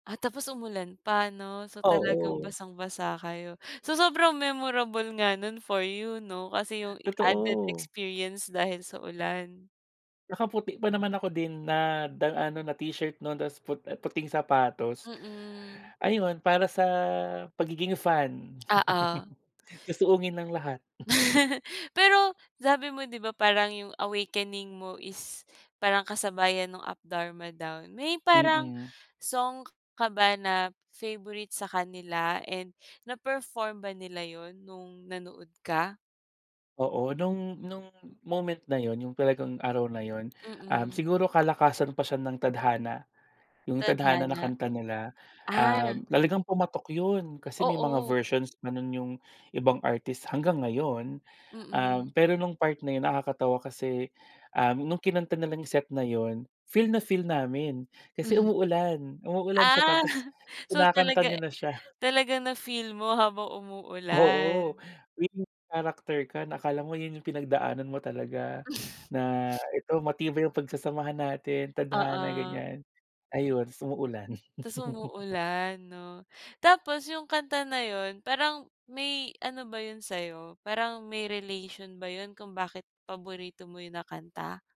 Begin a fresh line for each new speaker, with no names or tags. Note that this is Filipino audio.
Ah, tapos umulan pa 'no, so talagang
Oo.
basang-basa kayo. So sobrang memorable nga nun for you 'no kasi yung added
Totoo.
experience dahil sa ulan.
Nakaputi pa naman ako din na da ano na t-shirt nun 'tas put puting sapatos.
Mm.
Ayun para sa pagiging fan.
Oo.
Susuungin ang lahat.
Pero sabi mo 'di ba parang 'yung awakening mo is parang kasabayan nung Up Dharma Down. May parang
Mm.
song k ka ba na favourite sa kanila and na-perform ba nila 'yun nung nanood ka?
Oo nung nung moment na 'yun, 'yung talagang araw na 'yun, um,
Mm.
siguro kalakasan pa siya ng Tadhana, 'yung Tadhana na
Tadhana.
kanta nila.
Ah!
Um, talagang pumatok yun, kasi may mga
Oo.
versions pa nun 'yung ibang artists, hanggang ngayon.
Mm.
Um, pero nung part na 'yun nakakatawa kasi, um, nung kinanta nila 'yung set na 'yun feel na feel namin, kasi
Mhm.
umuulan, umuulan siya
Ah,
tapos
so
kinakanta
talaga
niya na siya.
talagang na-feel mo habang
Oo,
umuulan.
main character ka, na akala mo 'yun 'yung pinagdaanan mo talaga, na ito matibay yung pagsasamahan natin, tadhana,
Oo.
ganiyan. Ayun 'tas umuulan.
Ta's umuulan 'no. Tapos 'yung kanta na 'yun parang, may ano ba 'yun sa'yo, parang may relation ba 'yun kung bakit paborito mo 'yun na kanta?